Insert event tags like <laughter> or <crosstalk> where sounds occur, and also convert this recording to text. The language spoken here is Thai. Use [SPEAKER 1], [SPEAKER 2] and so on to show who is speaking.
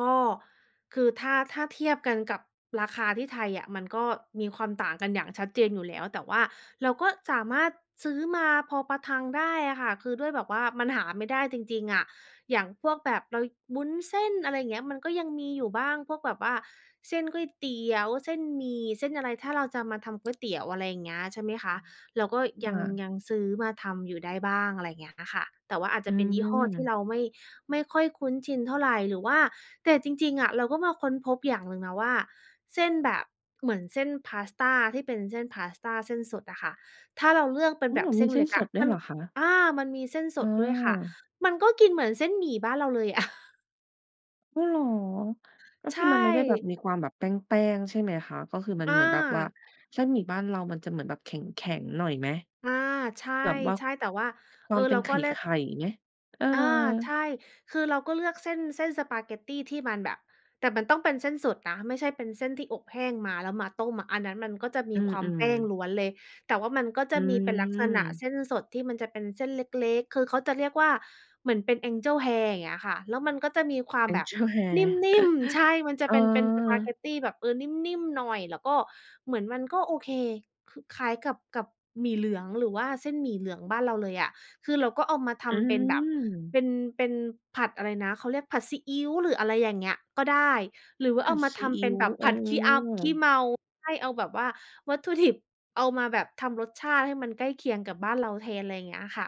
[SPEAKER 1] ก็ คือถ้า ถ้าเทียบกันกับราคาที่ไทยอะ มันก็มีความต่างกันอย่างชัดเจนอยู่แล้ว แต่ว่าเราก็สามารถซื้อมาพอประทังได้อะค่ะ คือด้วยแบบว่ามันหาไม่ได้จริง ๆ อะ อย่างพวกแบบเรา วุ้นเส้น อะไรอย่างเงี้ย มันก็ยังมีอยู่บ้าง พวกแบบว่า เส้นก๋วยเตี๋ยว เส้นหมี่ เส้นอะไร ถ้าเราจะมาทำก๋วยเตี๋ยว อะไรอย่างเงี้ย ใช่ไหมคะ เราก็
[SPEAKER 2] อ
[SPEAKER 1] ยัง
[SPEAKER 2] า
[SPEAKER 1] ยังซื้อมาทำอยู่ได้บ้าง อะไรอย่างเงี้ยค่ะ แต่ว่าอาจจ
[SPEAKER 2] อื
[SPEAKER 1] ะเป็นยี่ห้อที่
[SPEAKER 2] อ
[SPEAKER 1] เราไม่ ไม่ค่อยคุ้นชินเท่าไร หรือว่า แต่จริง ๆ อะเราก็มาค้นพบอย่างหนึ่งนะว่า เส้นแบบ เหมือนเส้นพาสตาที่เป็นเส้นพาสตาเส้นสดอะค่ะ ถ้าเราเลือกเป็
[SPEAKER 2] อ
[SPEAKER 1] น
[SPEAKER 2] ื
[SPEAKER 1] แบ
[SPEAKER 2] อ
[SPEAKER 1] บเส
[SPEAKER 2] มี
[SPEAKER 1] ้น
[SPEAKER 2] เส
[SPEAKER 1] เ
[SPEAKER 2] ้
[SPEAKER 1] ล็
[SPEAKER 2] น
[SPEAKER 1] ก
[SPEAKER 2] ส
[SPEAKER 1] อะ
[SPEAKER 2] ดด้ว
[SPEAKER 1] มั
[SPEAKER 2] ยเ
[SPEAKER 1] น
[SPEAKER 2] หรอคะ?
[SPEAKER 1] อา มันมีเส้นส
[SPEAKER 2] เ
[SPEAKER 1] ดด้วยค่ะ
[SPEAKER 2] ออ
[SPEAKER 1] มันก็กินเหมือนเส้นหมี่บ้านเราเลย อะ
[SPEAKER 2] อ้าวเหรอ ก็
[SPEAKER 1] ใช
[SPEAKER 2] คือมันไม่ได้แบบ
[SPEAKER 1] ่
[SPEAKER 2] มีความแบบแป้ง ๆ ใช่ไหมคะ? ก็คือมั
[SPEAKER 1] อ
[SPEAKER 2] นเหมือนแบบว่า
[SPEAKER 1] า
[SPEAKER 2] เส้นหมี่บ้านเรามันจะเหมือนแบบแข็ง ๆ หน่อยไหม
[SPEAKER 1] อา ใช
[SPEAKER 2] แบบว่า
[SPEAKER 1] ่ ๆ แต่ว่า
[SPEAKER 2] ค
[SPEAKER 1] เอ
[SPEAKER 2] วา
[SPEAKER 1] อ
[SPEAKER 2] มเป
[SPEAKER 1] เ
[SPEAKER 2] ็
[SPEAKER 1] รา
[SPEAKER 2] นไข
[SPEAKER 1] ก็เลือก
[SPEAKER 2] ่ ๆ ไง เออ
[SPEAKER 1] อา ใช่ คือเราก็เลือกเส้น เส้นสปาเกตตีที่มันแบบ แต่มันต้องเป็นเส้นสดนะ ไม่ใช่เป็นเส้นที่อบแห้งมาแล้วมาต้มอะ อันนั้นมันก็จะม
[SPEAKER 2] อื
[SPEAKER 1] ีความแ
[SPEAKER 2] อ
[SPEAKER 1] ป้ง
[SPEAKER 2] ๆ
[SPEAKER 1] ล้วนเลย แต่ว่ามันก็
[SPEAKER 2] อ
[SPEAKER 1] จ
[SPEAKER 2] ื
[SPEAKER 1] ะมีเป็นลักษณะ
[SPEAKER 2] ม
[SPEAKER 1] เส้นสดที่มันจะเป็นเส้นเล็ก ๆ คือเขาจะเรียกว่า เหมือนเป็น Angel hair อย่างเงี้ยค่ะ แล้วมันก็จะมีความแบบ
[SPEAKER 2] Angel
[SPEAKER 1] นิ
[SPEAKER 2] hair
[SPEAKER 1] ่ม ๆ ใช่
[SPEAKER 2] <chuckles>
[SPEAKER 1] มันจะ
[SPEAKER 2] เอ
[SPEAKER 1] เป็นเป็นสปาเก
[SPEAKER 2] อ
[SPEAKER 1] ตตีแบบ เอ่อ นิ่ม ๆ หน่อย แล้วก็ เหมือนมันก็โอเค คือคล้ายกับ กับหมี่เหลือง หรือว่าเส้นหมี่เหลืองบ้านเราเลยอะ คือเราก็เอามาท
[SPEAKER 2] อือ
[SPEAKER 1] ำเป็นแบบ เป็น เป็นผัดอะไรนะ เขาเรียกผัดซีอิ๊ว หรืออะไรอย่างเงี้ย ก็ได้ หรือว่า
[SPEAKER 2] ผ
[SPEAKER 1] เอ
[SPEAKER 2] ั
[SPEAKER 1] า
[SPEAKER 2] ด
[SPEAKER 1] มา
[SPEAKER 2] ซ
[SPEAKER 1] ท
[SPEAKER 2] ีอ
[SPEAKER 1] ำเป
[SPEAKER 2] ิ
[SPEAKER 1] ็
[SPEAKER 2] ๊
[SPEAKER 1] น
[SPEAKER 2] ว
[SPEAKER 1] แบบ
[SPEAKER 2] อ
[SPEAKER 1] ผ
[SPEAKER 2] ๋
[SPEAKER 1] ัดขี้เอา ขี้
[SPEAKER 2] อ
[SPEAKER 1] เมา ให้เอาแบบว่าวัตถุ ดิบ เอามาแบบทำรสชาติให้มันใกล้เคียงกับบ้านเราแทน อะไรอย่างเงี้ยค่ะ